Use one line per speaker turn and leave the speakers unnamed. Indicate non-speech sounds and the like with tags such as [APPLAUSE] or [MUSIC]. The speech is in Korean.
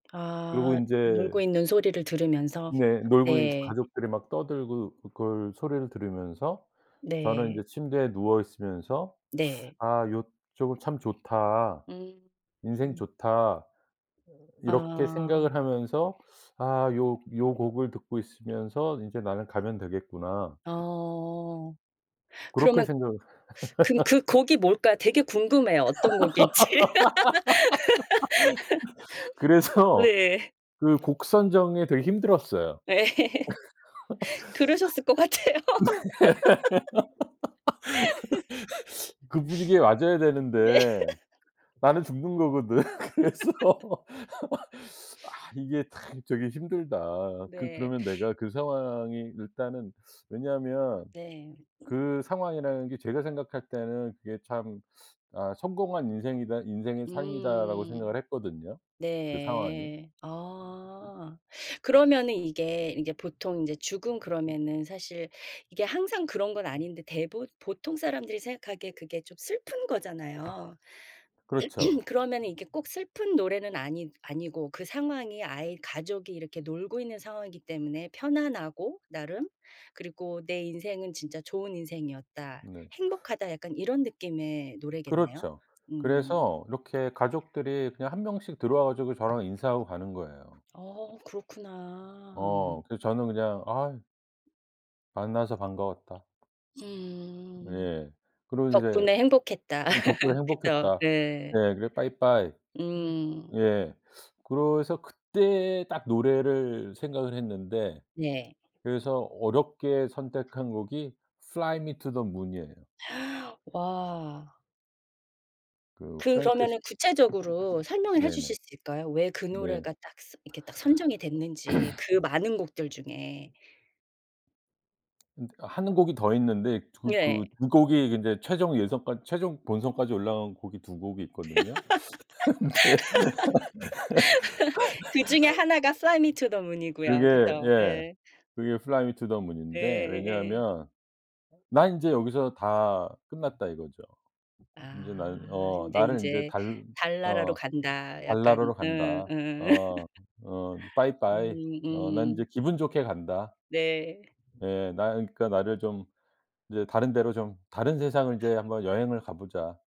그러고
아. 놀고
인제
있는 소리를 들으면서.
네. 놀고
네.
가족들이 막 떠들고 그걸 소리를 들으면서 저는
네.
인제 침대에 누워 있으면서
네.
'아 요쪽은 참 좋다.
음
인생
음.
좋다.' 이렇게
아.
생각을 하면서 '아 요 요 곡을 듣고 있으면서 인제 나는 가면 되겠구나.'
아 어.
그렇게
그러면
생각
근 그
[LAUGHS]
곡이 뭘까 되게 궁금해요, 어떤 곡일지.
[LAUGHS]
[LAUGHS]
그래서
네.
그 곡 선정에 되게 힘들었어요.
네. [LAUGHS] 그러셨을 것 같아요.
[LAUGHS] 네. [LAUGHS] 그 분위기에 맞아야
[LAUGHS] [SNIFFS] 네.
되는데 나는 죽는 거거든. [LAUGHS] 그래서
[LAUGHS]
[LAUGHS] '아 이게 참 저기 힘들다.' 그
네.
그러면 내가 그 상황이 일단은 왜냐하면
네.
그 상황이라는 게 제가 생각할 때는 그게 참 '아 성공한 인생이다. 인생의 삶이다.'라고
음.
생각을 했거든요, 그 상황이.
네. 아. 그러면 이게 보통 이제 죽음 그러면은 사실 이게 항상 그런 건 아닌데 대부 보통 사람들이 생각하기에 그게 좀 슬픈 거잖아요.
그렇죠.
[CLEARS THROAT] 그러면 이게 꼭 슬픈 노래는 아니 아니고 그 상황이 아이 가족이 이렇게 놀고 있는 상황이기 때문에 편안하고 나름, 그리고 '내 인생은 진짜 좋은 인생이었다.
네.
행복하다.' 약간 이런 느낌의 노래겠네요.
그렇죠.
음.
그래서 이렇게 가족들이 그냥 1 명씩 들어와 가지고 저랑 인사하고 가는 거예요.
어 그렇구나.
어. 그래서 저는 그냥 "아" "만나서 반가웠다."
음.
예. 그리고 이제
"덕분에 행복했다."
"덕분에
[LAUGHS] 그죠.
행복했다."
네.
예. "그래 빠이빠이."
음.
예. 그래서 그때 딱 노래를 생각을 했는데
예.
그래서 어렵게 선택한 곡이 fly me to the moon이에요.
[GASPS] 와.
그 프랭크 시
그러면은 구체적으로 설명을 해
네네.
주실 수 있을까요? 왜 그
네.
노래가 딱 스 이렇게 딱 선정이 됐는지,
[CLEARS THROAT]
그 많은 곡들 중에.
음 1 곡이 더 있는데 그
예.
그 2 곡이 인제 최종 예선까지 최종 본선까지 올라간 곡이 2 곡이 있거든요. 근데
[LAUGHS] 그중에 1 가 fly me to the
[LAUGHS] 그게
moon이고요. 그죠.
예.
네.
그게 fly me to the moon
예.
인데
예.
왜냐하면 '난 인제 여기서 다 끝났다.' 이거죠. '인제 나는
아.
어
근데
나는 인제
인제
달
달나라로
어
간다, 약간
달나라로
응
간다.
응. [LAUGHS]
어 어
음.
빠이빠이. 어 난 이제
음.
기분 좋게 간다.'
네.
예. '나는 그러니까 나를 좀 이제 다른 데로 좀 다른 세상을 이제 한번 여행을 가 보자.'